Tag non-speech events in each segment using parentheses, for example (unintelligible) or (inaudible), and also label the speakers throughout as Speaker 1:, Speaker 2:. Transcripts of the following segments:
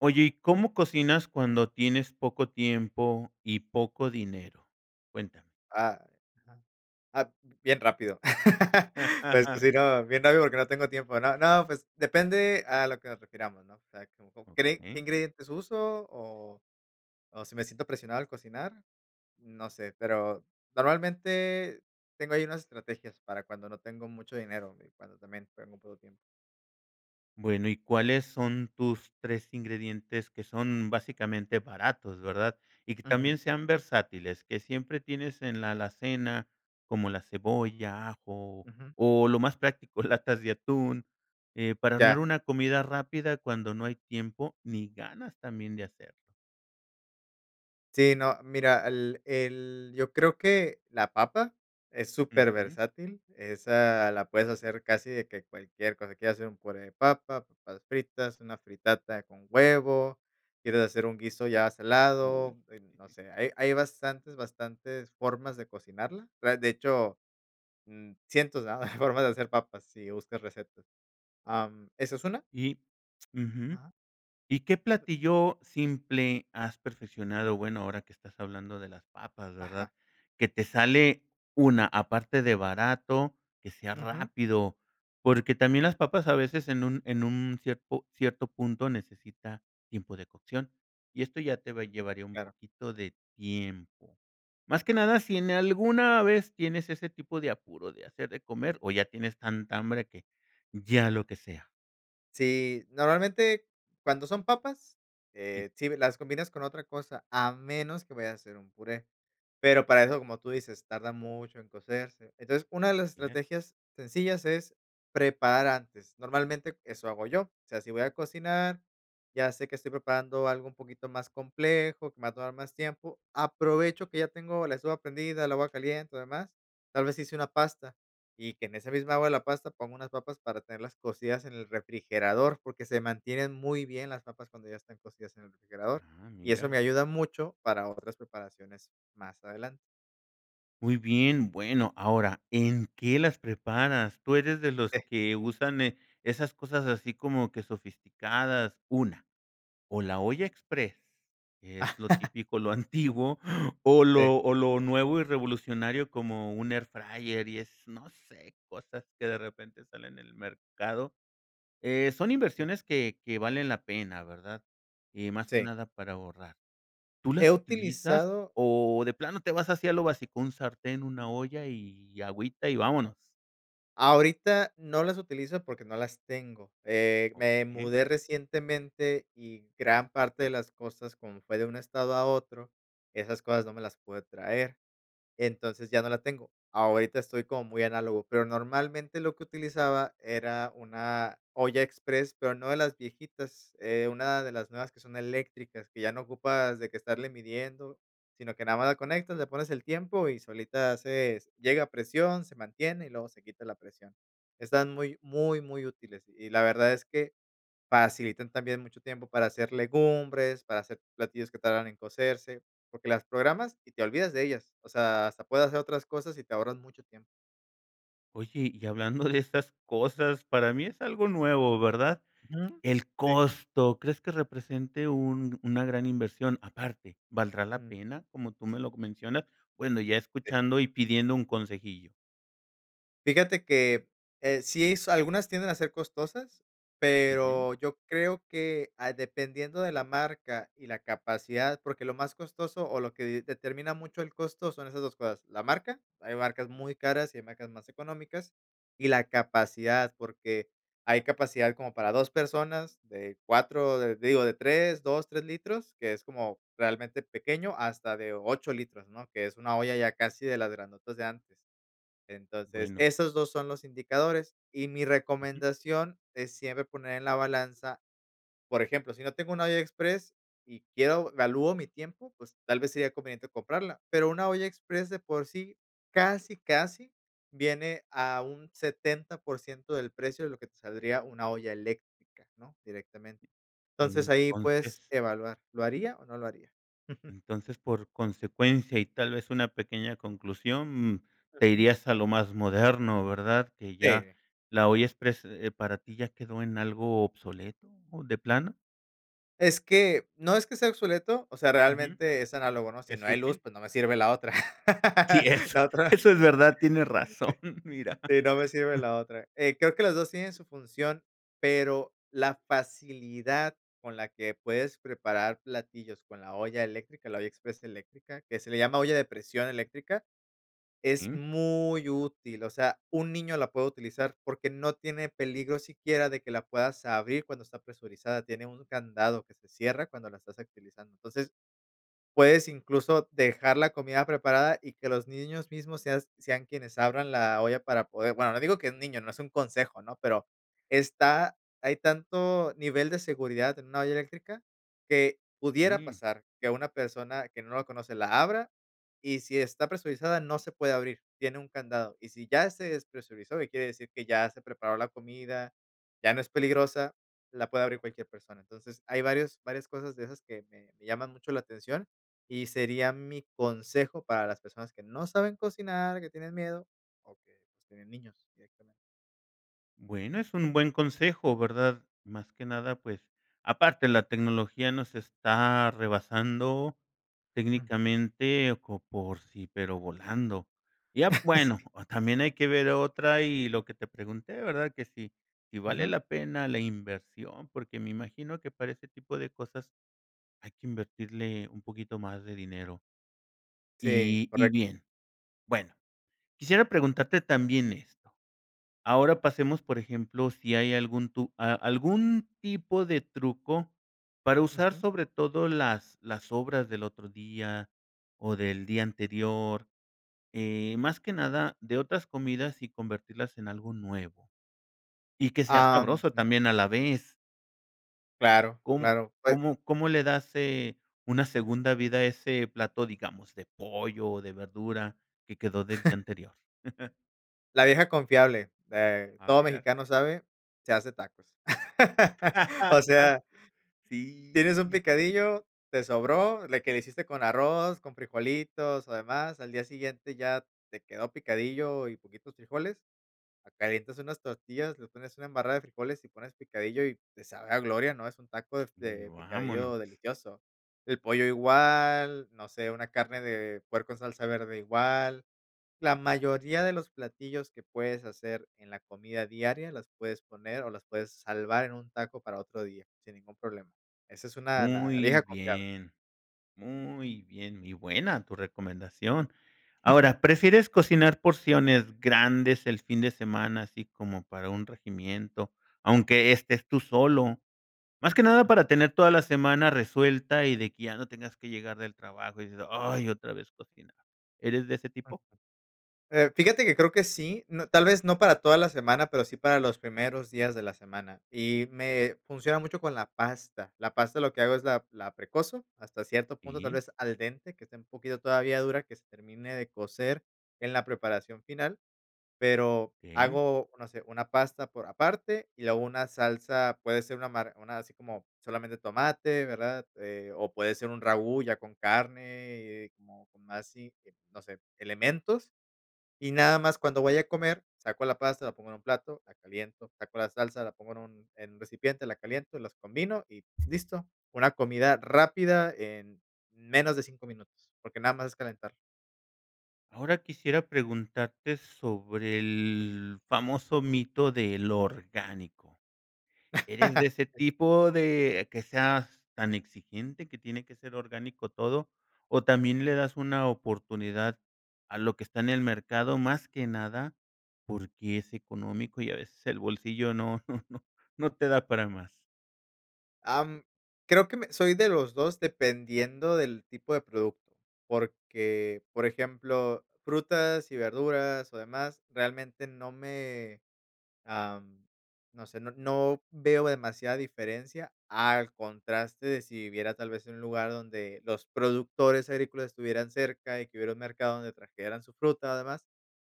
Speaker 1: Oye, ¿y cómo cocinas cuando tienes poco tiempo y poco dinero? Cuéntame.
Speaker 2: Ah, ajá, ah, bien rápido. (chuckles) Pues
Speaker 1: (laughs)
Speaker 2: sí, no, bien rápido porque no tengo tiempo, ¿no? No, pues depende a lo que nos refiramos, ¿no? O sea, como cree ¿qué
Speaker 1: Okey.
Speaker 2: ingredientes usó? ¿O o si me siento presionado al cocinar? No sé, pero normalmente tengo ahí unas estrategias para cuando no tengo mucho dinero y cuando también tengo muy poco tiempo.
Speaker 1: Bueno, ¿y cuáles son tus 3 ingredientes que son básicamente baratos?, ¿verdad?, ¿y que
Speaker 2: Ujú.
Speaker 1: también sean versátiles, que siempre tienes en la alacena, como la cebolla, ajo,
Speaker 2: Ujú.
Speaker 1: o lo más práctico, latas de atún, eh, para
Speaker 2: Ya.
Speaker 1: armar una comida rápida cuando no hay tiempo ni ganas también de hacerlo?
Speaker 2: Sí, no, mira, el el yo creo que la papa es
Speaker 1: Ujú.
Speaker 2: superversátil. Esa la puedes hacer casi de que cualquier cosa: ¿quieres hacer un puré de papa, papas fritas, una fritata con huevo, quieres hacer un guiso ya
Speaker 1: Uy.
Speaker 2: salado?, em, no
Speaker 1: (chuckles)
Speaker 2: sé, hay hay bastantes, bastantes formas de cocinarla. Tra de hecho, mm, cientos, ¿verdad?, (chuckles) formas de hacer papas si buscas recetas. Am, eso es una
Speaker 1: Y Ujú.
Speaker 2: Ajá.
Speaker 1: ¿Y qué platillo simple has perfeccionado? Bueno, ahora que estás hablando de las papas,
Speaker 2: Ajá.
Speaker 1: ¿verdad? Que te sale, una aparte de barato, que sea
Speaker 2: Ujú.
Speaker 1: rápido, porque también las papas a veces en un en un cierpo cierto punto necesita tiempo de cocción y esto ya te va a llevaría un
Speaker 2: Claro.
Speaker 1: poquito de tiempo. Más que nada, ¿si en alguna vez tienes ese tipo de apuro de hacer de comer, o ya tienes tanta hambre que ya lo que sea?
Speaker 2: Sí, normalmente cuando son papas,
Speaker 1: (unintelligible)
Speaker 2: eh, sí las combinas con otra cosa, a menos que vayas a hacer un puré. Pero para eso, como tú dices, tarda mucho en cocerse, entonces una de las
Speaker 1: (unintelligible)
Speaker 2: estrategias sencillas es preparar antes, normalmente eso hago yo, o sea, si voy a cocinar, ya sé que estoy preparando algo un poquito más complejo, que me va a tomar más tiempo, aprovecho que ya tengo la estufa prendida, el agua caliente y demás, tal vez hice una pasta y que en esa misma agua de la pasta pongo unas papas para tenerlas cocidas en el refrigerador, porque se mantienen muy bien las papas cuando ya están cocidas en el refrigerador
Speaker 1: Ah,
Speaker 2: y eso
Speaker 1: mira.
Speaker 2: me ayuda mucho para otras preparaciones más adelante.
Speaker 1: Muy bien, bueno, ahora, ¿en qué las preparas?, ¿tú eres de los
Speaker 2: Sí.
Speaker 1: que usan, eh, esas cosas, así como que, sofisticadas, una, o la olla exprés, que es lo
Speaker 2: (laughs)
Speaker 1: típico, lo antiguo o
Speaker 2: Sí.
Speaker 1: lo o lo nuevo y revolucionario como un air fryer y es no sé, cosas que de repente salen en el mercado?, eh, son
Speaker 2: Mm.
Speaker 1: inversiones que que valen la pena, ¿verdad?, y más que
Speaker 2: Sí.
Speaker 1: nada para ahorrar, ¿tú
Speaker 2: He
Speaker 1: las utilizas
Speaker 2: utilizado.
Speaker 1: o de plano te vas así a lo básico, un sartén, una olla y agüita y vámonos?
Speaker 2: Ahorita no las utilizo porque no las tengo, eh, me
Speaker 1: Okey.
Speaker 2: mudé recientemente y gran parte de las cosas, como fue de un estado a otro, esas cosas no me las pude traer, entonces ya no la tengo, ahorita estoy como muy análogo, pero normalmente lo que utilizaba era una olla express, pero no de las viejitas, eh, una de las nuevas que son eléctricas que ya no ocupas de que estarle midiendo, sino que nada más la conectas, le pones el tiempo y solita haces llega a presión, se mantiene y luego se quita la presión, están muy, muy, muy útiles y la verdad es que facilitan también mucho tiempo para hacer legumbres, para hacer platillos que tardan en cocerse, porque las programas y te olvidas de ellas, o sea, hasta puedes hacer otras cosas y te ahorras mucho tiempo.
Speaker 1: Oye, y hablando de estas cosas, para mí es algo nuevo, ¿verdad?,
Speaker 2: Ujú,
Speaker 1: el
Speaker 2: sí.
Speaker 1: costo, ¿crees que represente un una gran inversión?, aparte, ¿valdrá la
Speaker 2: Ujú.
Speaker 1: pena?, como tú me lo mencionas, bueno, ya
Speaker 2: Sí.
Speaker 1: escuchando y pidiendo un consejillo.
Speaker 2: Fíjate que, eh, sí es algunas tienden a ser costosas,
Speaker 1: Ujú.
Speaker 2: pero yo creo que, ah, dependiendo de la marca y la capacidad, porque lo más costoso o lo que de determina mucho el costo son esas 2 cosas, la marca, hay marcas muy caras y hay marcas más económicas, y la capacidad porque hay capacidad como para 2 personas, de 4, eh, digo, de 3, 2, 3 litros, que es como realmente pequeño hasta de 8 litros, ¿no?, que es una olla ya casi de las grandotas de antes, entonces,
Speaker 1: Bueno.
Speaker 2: esos dos son los indicadores y mi
Speaker 1: Ujú.
Speaker 2: recomendación es siempre poner en la balanza, por ejemplo, si no tengo una olla express y quiero valúo mi tiempo, pues tal vez sería conveniente comprarla, pero una olla express de por sí, casi, casi viene a un 70% del precio de lo que te saldría una olla eléctrica, ¿no?, directamente, entonces ahí puedes
Speaker 1: Entonces.
Speaker 2: evaluar, ¿lo haría o no lo haría?, ujú.
Speaker 1: Entonces, por consecuencia, y tal vez una pequeña conclusión, mm, te
Speaker 2: Ujú.
Speaker 1: irías a lo más moderno, ¿verdad?, que ya,
Speaker 2: Sí.
Speaker 1: la olla exprés, eh, para ti ya quedó en algo obsoleto, ¿o de plano?
Speaker 2: Es que, no es que sea obsoleto, o sea,
Speaker 1: Ujú.
Speaker 2: realmente es análogo, ¿no? Si no
Speaker 1: ¿Es
Speaker 2: hay luz,
Speaker 1: útil?
Speaker 2: pues no me sirve la otra.
Speaker 1: Sí,
Speaker 2: (laughs)
Speaker 1: es
Speaker 2: La otra
Speaker 1: eso es verdad. Tienes razón, mira.
Speaker 2: sí sí, no me sirve la otra. Eh, creo que los dos tienen su función, pero la facilidad con la que puedes preparar platillos con la olla eléctrica, la olla exprés eléctrica, que se le llama olla de presión eléctrica, es
Speaker 1: Mm.
Speaker 2: muy útil, o sea, un niño la puede utilizar porque no tiene peligro siquiera de que la puedas abrir cuando está presurizada, tiene un candado que se cierra cuando la estás utilizando. Entonces, puedes incluso dejar la comida preparada y que los niños mismos seas sean quienes abran la olla para poder bueno, no digo que un niño, no es un consejo, ¿no?, pero está hay tanto nivel de seguridad en una olla eléctrica que pudiera
Speaker 1: Mm.
Speaker 2: pasar que una persona que no la conoce la abra y, si está presurizada, no se puede abrir, tiene un candado, y si ya se despresurizó y quiere decir que ya se preparó la comida, ya no es peligrosa, la puede abrir cualquier persona. Entonces, hay varios varias cosas de esas que que me llaman mucho la atención y sería mi consejo para las personas que no saben cocinar, que tienen miedo o que tienen niños directamente.
Speaker 1: Bueno, es un buen consejo, ¿verdad? Más que nada, pues, aparte, la tecnología nos está rebasando
Speaker 2: Ujú.
Speaker 1: técnicamente co por sí, pero volando. Ya Bueno,
Speaker 2: (chuckles) Sí.
Speaker 1: o también hay que ver otra y lo que te pregunté, ¿verdad?, que si, si vale
Speaker 2: Ujú.
Speaker 1: la pena la inversión, porque me imagino que para ese tipo de cosas hay que invertirle un poquito más de dinero.
Speaker 2: Sí,
Speaker 1: Y y
Speaker 2: correcto.
Speaker 1: bien. Bueno, quisiera preguntarte también esto. Ahora pasemos, por ejemplo, ¿si hay algún tu a algún tipo de truco para usar
Speaker 2: Ujú.
Speaker 1: sobre todo las las sobras del otro día o del día anterior? Eh, más que nada de otras comidas y convertirlas en algo nuevo y que sea
Speaker 2: Ah,
Speaker 1: sabroso
Speaker 2: ujú.
Speaker 1: también a la vez.
Speaker 2: Claro,
Speaker 1: ¿Com
Speaker 2: claro, pue
Speaker 1: cómo
Speaker 2: Ajá.
Speaker 1: cómo le das, eh, una segunda vida a ese plato, digamos, de pollo o de verdura que quedó del día
Speaker 2: (chuckles)
Speaker 1: anterior? (chuckles)
Speaker 2: La vieja confiable, eh,
Speaker 1: A
Speaker 2: todo
Speaker 1: bregar.
Speaker 2: mexicano sabe, se hace tacos, (laughs) o sea
Speaker 1: (laughs) Sí,
Speaker 2: tienes un
Speaker 1: sí.
Speaker 2: picadillo, te sobró le que le hiciste con arroz, con frijolitos o demás, al día siguiente ya te quedó picadillo y poquitos frijoles. Ah, calientas unas tortillas, le pones una embarrada de frijoles y pones picadillo y te sabe a gloria. No es un taco de
Speaker 1: Y
Speaker 2: de
Speaker 1: vámonos.
Speaker 2: picadillo delicioso. El pollo igual, no sé, una carne de puerco en salsa verde igual. La mayoría de los platillos que puedes hacer en la comida diaria las puedes poner o las puedes salvar en un taco para otro día, sin ningún problema. Esa es una La
Speaker 1: Muy
Speaker 2: vieja confiable.
Speaker 1: bien, muy bien, muy buena tu recomendación.
Speaker 2: (chuckles)
Speaker 1: Ahora, ¿prefieres cocinar porciones grandes el fin de semana, así como para un regimiento, aunque estés tú solo? Más que nada
Speaker 2: Ujú.
Speaker 1: para tener toda la semana resuelta y de que ya no tengas que llegar del trabajo y decir: "Ay, otra vez cocinar". ¿Eres de ese
Speaker 2: Ujú.
Speaker 1: tipo?
Speaker 2: Eh, fíjate que creo que sí, n tal vez no para toda la semana, pero sí para los primeros días de la semana y me funciona mucho con la pasta. La pasta, lo que hago es la la precozo hasta cierto punto, tal
Speaker 1: Y
Speaker 2: vez al dente, que esté un poquito todavía dura, que se termine de cocer en la preparación final, pero
Speaker 1: Okey.
Speaker 2: hago, no sé, una pasta por aparte y luego una salsa, puede ser una mar una así como solamente tomate, ¿verdad?, eh, o puede ser un ragú ya con carne, eh, como con más así, no sé, elementos. Y nada más, cuando vaya a comer, saco la pasta, la pongo en un plato, la caliento, saco la salsa, la pongo en un en un recipiente, la caliento, las combino y listo. Una comida rápida en menos de cinco minutos, porque nada más es calentar.
Speaker 1: Ahora quisiera preguntarte sobre el famoso mito de lo orgánico, ¿eres de
Speaker 2: (chuckles)
Speaker 1: ese
Speaker 2: Sí.
Speaker 1: tipo de que seas tan exigente, que tiene que ser orgánico todo, o también le das una oportunidad a lo que está en el mercado, más que nada porque es económico y a veces el bolsillo no no no no te da para más?
Speaker 2: Am, creo que me soy de los dos dependiendo del tipo de producto, porque, por ejemplo, frutas y verduras o demás, realmente no me, am, no sé, no no veo demasiada diferencia al contraste de si viviera tal vez en un lugar donde los productores agrícolas estuvieran cerca y que hubiera un mercado donde trajeran su fruta o demás,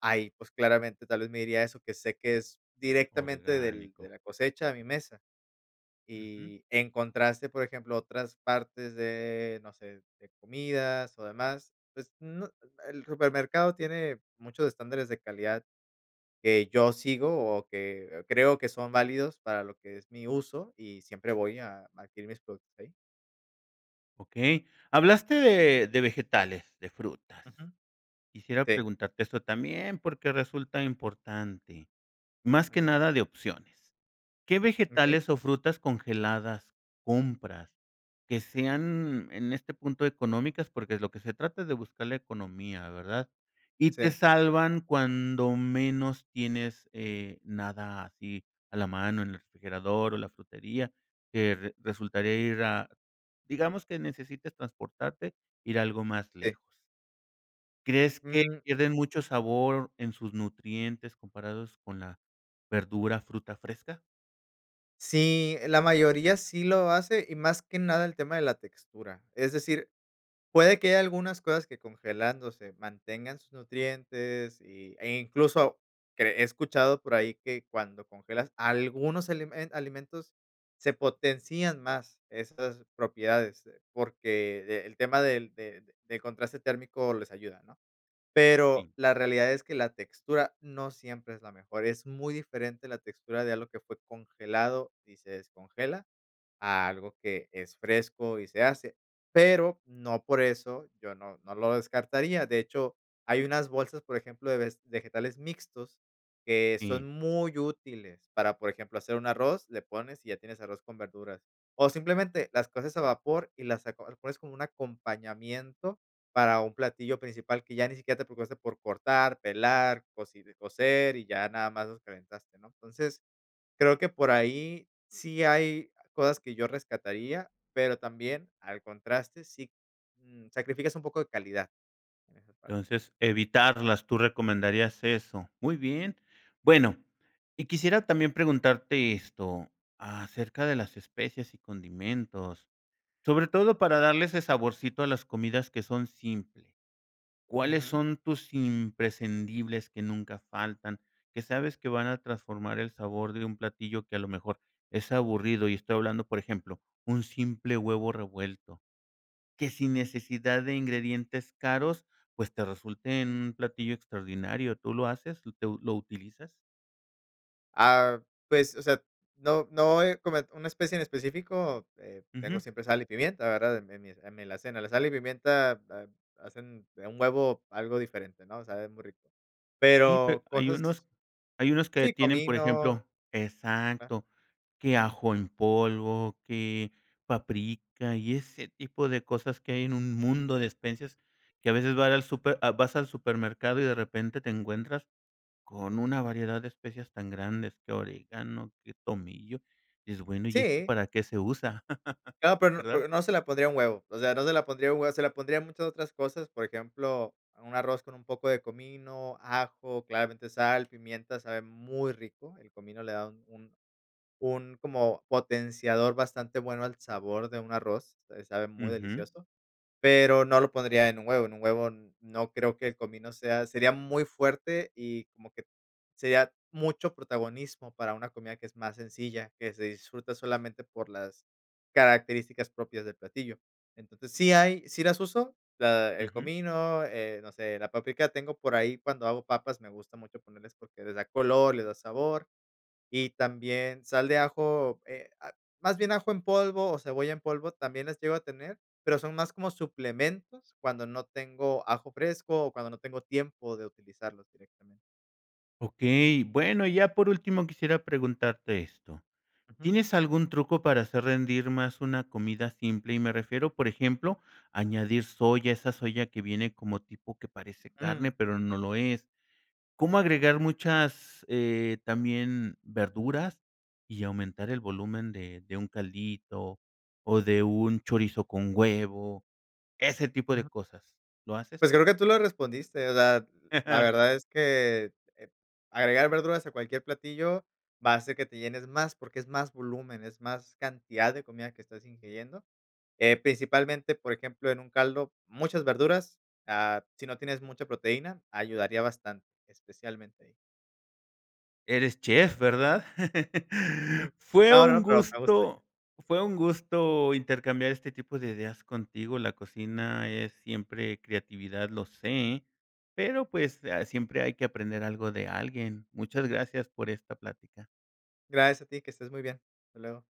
Speaker 2: ahí, pues claramente tal vez me iría a eso que sé que es directamente del de
Speaker 1: Orgánico.
Speaker 2: la cosecha a mi mesa.
Speaker 1: Ujú.
Speaker 2: Y en contraste, por ejemplo a otras partes de no sé de comidas o demás, pues no el el supermercado tiene muchos estándares de calidad que yo sigo o que, eh, creo que son válidos para lo que es mi uso y siempre voy a adquirir mis productos ahí.
Speaker 1: Okey, hablaste de vegetales, de frutas.
Speaker 2: Ujú,
Speaker 1: Quisiera
Speaker 2: sí.
Speaker 1: preguntarte esto, también, porque resulta importante, más
Speaker 2: A
Speaker 1: que
Speaker 2: ver
Speaker 1: nada de opciones, ¿qué
Speaker 2: Okey.
Speaker 1: vegetales o frutas congeladas compras, que sean en este punto económicas? Porque es lo que se trata es de buscar la economía, ¿verdad? Y te
Speaker 2: Sí.
Speaker 1: salvan cuando menos tienes, eh, nada así a la mano en el refrigerador, o la frutería, que resultaría ir a digamos que necesites transportarte, ir algo más
Speaker 2: Sí.
Speaker 1: lejos. ¿Crees que
Speaker 2: Mm.
Speaker 1: pierden mucho sabor en sus nutrientes, comparados con la verdura, fruta fresca?
Speaker 2: Sí, la mayoría sí lo hace y más que nada el tema de la textura. Es decir, puede que haya algunas cosas que congelándose, mantengan sus nutrientes y eh, incluso que he escuchado por ahí que cuando congelas algunos elemen alimentos se potencian más estas propiedades, porque, el tema de de del contraste térmico les ayuda, ¿no?, pero,
Speaker 1: Sí.
Speaker 2: la realidad es que la textura no siempre es la mejor. Es muy diferente la textura de algo que fue congelado y se descongela, a algo que es fresco y se hace, pero, no por eso yo no no lo descartaría. De hecho, hay unas bolsas, por ejemplo, de ves vegetales mixtos que son
Speaker 1: Sí.
Speaker 2: muy útiles para, por ejemplo, hacer un arroz, le pones y ya tienes arroz con verduras, o simplemente las coces a vapor y las aco las pones como un acompañamiento para un platillo principal que ya ni siquiera te preocupaste por cortar, pelar, cocire cocer y, ya nada más nos calentaste, ¿no? Entonces, creo que por ahí sí hay cosas que yo rescataría, pero, también al contraste, sí, mm, sacrificas un poco de calidad en esa parte.
Speaker 1: Entonces, evitarlas, tú recomendarías eso. Muy bien, bueno, y quisiera también preguntarte esto, acerca de las especias y condimentos, sobre todo para darle ese saborcito a las comidas que son simples, ¿cuáles
Speaker 2: Ujú.
Speaker 1: son tus imprescindibles que nunca faltan, que sabes que van a transformar el sabor de un platillo que a lo mejor es aburrido? Y estoy hablando, por ejemplo, un simple huevo revuelto, que sin necesidad de ingredientes caros, pues, te resulte un platillo extraordinario, ¿tú lo haces, lo lo utilizas?
Speaker 2: Ah, pues, o sea, no no, eh, como una especie en específico, eh, tengo
Speaker 1: Ujú.
Speaker 2: siempre sal y pimienta, ¿verdad?, en en mi en mi alacena, la sal y pimienta ha hacen un huevo algo diferente, ¿no?, sabe muy rico,
Speaker 1: Sí, pe
Speaker 2: pero,
Speaker 1: hay
Speaker 2: cosas.
Speaker 1: unos, hay unos que
Speaker 2: Sí,
Speaker 1: tienen, por
Speaker 2: comino.
Speaker 1: ejemplo
Speaker 2: Ah.
Speaker 1: exacto, que ajo en polvo, que paprika y ese tipo de cosas, que hay en un mundo de especias, que a veces vas al súper, ah, vas al supermercado y de repente te encuentras, con una variedad de especias tan grandes, que orégano, que tomillo, dices: "Bueno, ¿y esto
Speaker 2: Sí.
Speaker 1: para qué se usa?", (laughs)
Speaker 2: Claro, pero, n
Speaker 1: ¿verdad?
Speaker 2: pero, no, se la pondría un huevo, o sea, no, se la pondría un huevo, se la pondría a muchas otras cosas, por ejemplo, a un arroz con un poco de comino, ajo, claramente sal, pimienta sabe muy rico, el comino le da un un un como potenciador bastante bueno al sabor de un arroz, se sabe muy
Speaker 1: Ujú.
Speaker 2: delicioso, pero, no lo pondría en un huevo, en un huevo, n no creo, que el comino sea sería muy fuerte y como que sería mucho protagonismo, para una comida que es más sencilla, que se disfruta solamente por las características propias del platillo. Entonces sí hay, sí las uso, la el
Speaker 1: Ujú.
Speaker 2: comino, eh, no sé, la paprika tengo por ahí, cuando hago papas, me gusta mucho ponerles porque les da color, les da sabor, y también sal de ajo, eh, ah, más bien, ajo en polvo, o cebolla en polvo, también las llego a tener, pero, son más como suplementos, cuando no tengo ajo fresco, o cuando no tengo tiempo de utilizarlos directamente.
Speaker 1: Okey. Bueno, y ya por último, quisiera preguntarte esto,
Speaker 2: Ujú.
Speaker 1: ¿tienes algún truco para hacer rendir más una comida simple? Y me refiero, por ejemplo, añadir soya, esa soya que viene como tipo que parece carne,
Speaker 2: Mm.
Speaker 1: pero no lo es, ¿cómo agregar muchas, eh también verduras y aumentar el volumen de de un caldito o de un chorizo con huevo, ese tipo de
Speaker 2: Ujú.
Speaker 1: cosas? ¿Lo haces?
Speaker 2: Pues creo que tú lo respondiste. O sea, la
Speaker 1: (chuckles)
Speaker 2: verdad es que, eh, agregar verduras a cualquier platillo va a ser que te llenes más porque es más volumen, es más cantidad de comida que estás ingiriendo, eh, principalmente, por ejemplo, en un caldo, muchas verduras, ah, si no tienes mucha proteína, ayudaría bastante, especialmente ahí.
Speaker 1: Eres chef, ¿verdad? (chuckles)
Speaker 2: Jum.
Speaker 1: Fue
Speaker 2: No, no,
Speaker 1: un
Speaker 2: no, pero me gusta.
Speaker 1: gusto, fue un gusto intercambiar este tipo de ideas contigo. La cocina es siempre creatividad, lo sé, pero pues a siempre hay que aprender algo de alguien. Muchas gracias por esta plática.
Speaker 2: Gracias a ti. Que estés muy bien. Hasta luego.